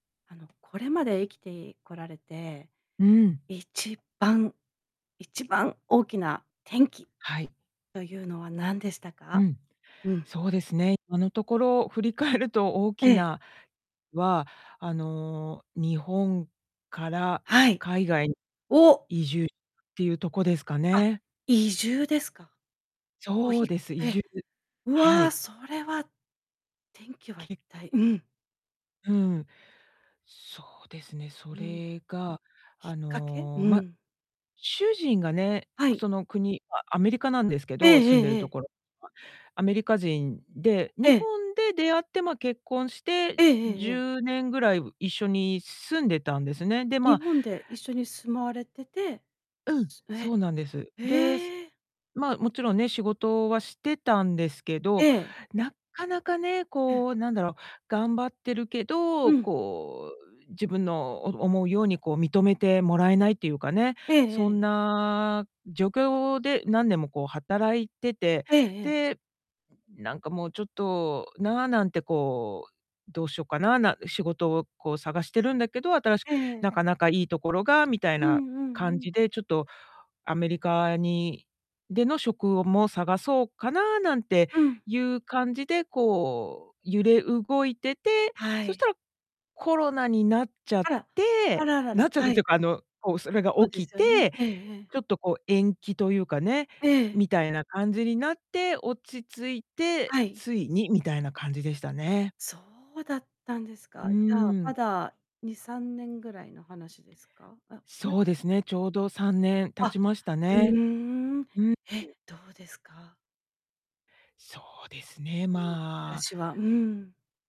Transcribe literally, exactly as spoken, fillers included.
あのこれまで生きていこられて。うん。一番、一番大きな転機はい。というのは何でしたうか？ん、うん。そうですね、今のところ振り返ると大えきえ。なは、あの日本からはい。海外移住っお！ていうとこですかあ、ね。移住ですか？おそひうです。移ええ、住、うはわ、い。それは転機は一き体、うん。うん。そうですね、そうん。れが、きっあかけ？の、うま、ん。主人がね、はい。その国、アアメリカなんですけええど、住えんでるええとえ。ころ。アメリカ人で、え日え。本で出会って、ま、結婚してえええええじゅえ。うねんぐらい一緒に住んでたんですね。で、ま日あ本で一緒に住まわれてて、うん、すえ、そうなんです。で、ええ。ま、もちろんね、仕事はしてたんですけえど、え。なかなかね、うん。こう、なんだろう、頑張ってるけうど、ん。こう、自分のお思うようにこう認めてもらえないっていうかね、えええそえ、んえ。な状況で何年もこう働いてて、ええええ。で、なんかもうちょっとななんてこう、どうしようかな、な仕事をこう探してるんだけど、新しく、ええ。なかなかいいところが、みたいうなんうんう感じん。で、ちょっとアメリカにでの職をも探そうかななんてうん。いう感じで、こう、揺れ動いてて、はそしい。たら、コロナになっちゃっあら、あて、ららら、なっちゃったっはていい。うかあの、こう、それがそうで起きすよね。て、ええええ。ちょっとこう延期というかね、ええ。みたいな感じになって、落ち着いて、はい。ついにみたいな感じでしたね。そうだったんですうか。じゃあーまん。だに、さんねんぐらいの話ですか？あ、やそうですね、ちょうどさんねん経あ。ちましたうーね。ん、うん。え、どうですか？そうですね、うん、暮らまあしは、うん。